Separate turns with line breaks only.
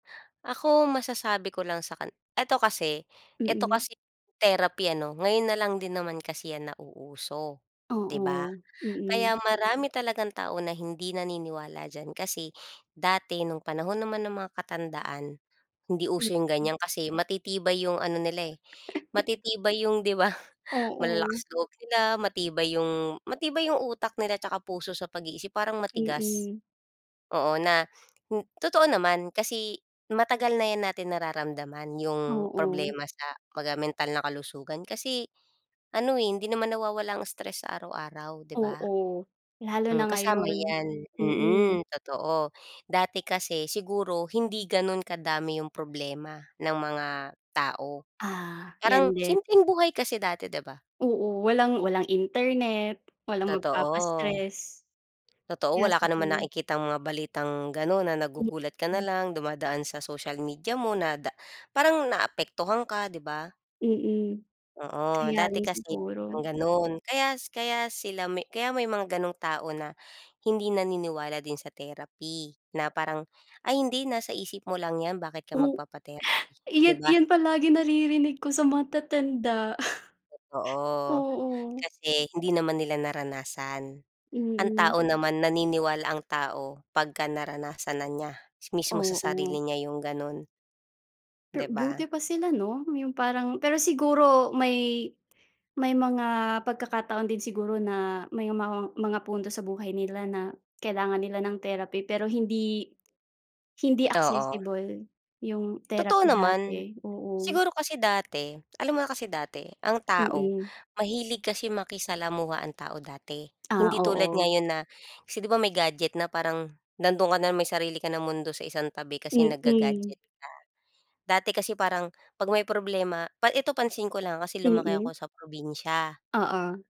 Ako masasabi ko lang sa kan ito kasi ito
Mm.
kasing therapy, ano, ngayon na lang din naman kasi 'yan nauuso, 'di ba?
Oo, mm.
Kaya marami talagang tao na hindi naniniwala diyan. Kasi dati no'ng panahon naman ng mga katandaan, hindi uso 'yong
Mm.
ganiyan. Kasi matitibay 'yong ano nila, eh, matitibay 'yong, 'di ba, malalakas
Oo.
loob nila, matibay 'yong matibay 'yong utak nila 'tsaka puso sa pag-iisip, parang matigas.
Mm.
Oo, na hin totoo naman kasi matagal na 'yan natin nararamdaman 'yong
Oo.
problema sa, kumbaga, mental na kalusugan kasi, ano, eh, hindi naman nawawala ang stress sa araw-araw, 'di ba?
Oo, lalo na
Hmm, kasama
ngayon.
'yan. Mm,
Mm.
totoo. Dati kasi siguro hindi gano'n kadami 'yong problema ng mga tao,
Ah,
parang
'yan din.
simpleng buhay kasi dati, 'di ba?
Oo, walang walang internet, walang
Totoo.
magpapa-stress.
Totoo,
Kaya
wala ka namang
sigu
nakikitang mga balitang gano'n na nagugulat ka na
Mm.
lang dumadaan sa social media mo na da parang naapektuhan ka, 'di ba?
Mm,
Oo,
kaya
dati
rin
kasi
siguro.
walang gano'n kaya s kaya sila may kaya may mga gano'ng tao na hindi naniniwala din sa therapy na parang, "Ay, hindi, nasa isip mo lang 'yan. Bakit ka
O
magpapa-therapy?" 'Di
iyun
ba?
iyun palagi naririnig ko sa matatanda.
Totoo,
Oo.
kasi hindi naman nila naranasan. Ang
Mm.
tao naman naniniwala ang tao pagka naranasan na niya, mismo sa sarili
Oo.
niya 'yong gano'n.
Per
'Di ba?
buti pa sila, 'no, 'yong parang pero siguro may may mga pagkakataon din siguro na may mga mga punto sa buhay nila na kailangan nila ng therapy pero hindi hindi
Oo.
accessible 'yong
Totoo
therapy
naman.
dati. Oo.
Siguro kasi dati, alam mo na kasi dati, ang tao
Mm.
mahilig kasi makisalamuha ang tao dati.
Ah,
Hindi tulad
oo.
ngayon na kasi, 'di ba may gadget na parang nando'n ka na lang may sarili ka ng mundo sa isang tabi kasi
Mm.
nagga-gadget ka. Dati kasi parang 'pag may problema pa ito pansin ko lang kasi lumaki
Mm.
ako sa probinsya.
Oo.